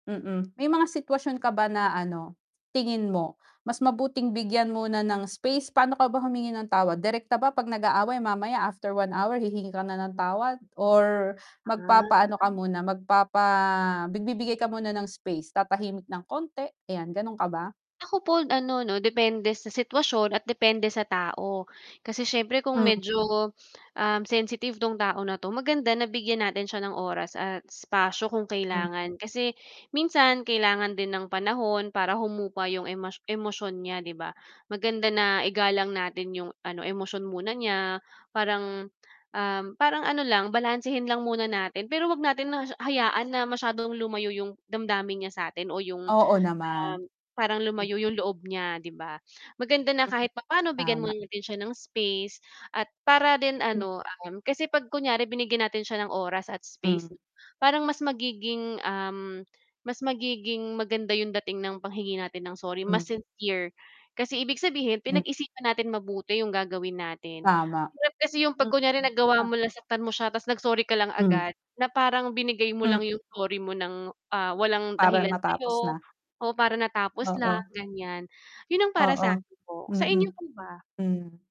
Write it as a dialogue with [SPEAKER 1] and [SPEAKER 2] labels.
[SPEAKER 1] Mm, may mga sitwasyon ka ba na ano, tingin mo mas mabuting bigyan muna ng space, paano ka ba humingi ng tawad? Direkta ba 'pag nag-aaway, mamaya after 1 hour hihingi ka na ng tawad or magpapaano ka
[SPEAKER 2] Ah.
[SPEAKER 1] muna, magpapa magbibigay ka muna ng space? Tatahimik ng konti, ayan gano'n ka ba?
[SPEAKER 2] Ako po ano 'no, depende sa sitwasyon at depende sa tao. Kasi siyempre kung
[SPEAKER 1] Hmm.
[SPEAKER 2] medyo, um, sensitive 'tong tao na 'to, maganda nabigyan natin siya ng oras at espasyo kung kailangan, kasi minsan kailangan din ng panahon para humupa 'yong emas emosyon niya 'di ba? Maganda na igalang natin 'yong ano, emosyon muna niya, parang, um, parang ano lang balansehin lang muna natin, pero huwag natin hayaan na masyadong lumayo yung damdamin niya sa'tin o yung
[SPEAKER 1] Oo, naman.
[SPEAKER 2] parang lumayo yung loob niya 'di ba? Maganda na kahit papaano bigyan
[SPEAKER 1] Tama.
[SPEAKER 2] muna natin siya ng space at para din ano, um, kasi 'pag kunyari binigyan natin siya ng oras at space,
[SPEAKER 1] Hmm.
[SPEAKER 2] parang mas magiging, um, mas magiging maganda yung dating ng panghingi natin ng sorry, mas
[SPEAKER 1] Hmm.
[SPEAKER 2] sincere. Kasi ibig sabihin
[SPEAKER 1] Mm
[SPEAKER 2] pinag-isipan natin mabuti yung gagawin natin,
[SPEAKER 1] Tama.
[SPEAKER 2] hirap kasi yung 'pag kunwari nagawa mo, nasaktan mo siya tapos nag-sorry ka lang
[SPEAKER 1] Mhm.
[SPEAKER 2] agad, na parang binigay mo lang yung sorry mo nang walang, ah,
[SPEAKER 1] Para
[SPEAKER 2] dahilan
[SPEAKER 1] matapos
[SPEAKER 2] sayo
[SPEAKER 1] na.
[SPEAKER 2] o para natapos lang
[SPEAKER 1] Oo.
[SPEAKER 2] ganyan. Yun ang para
[SPEAKER 1] Oo,
[SPEAKER 2] sakin po,
[SPEAKER 1] mm.
[SPEAKER 2] sainyo po ba?
[SPEAKER 1] Hmm.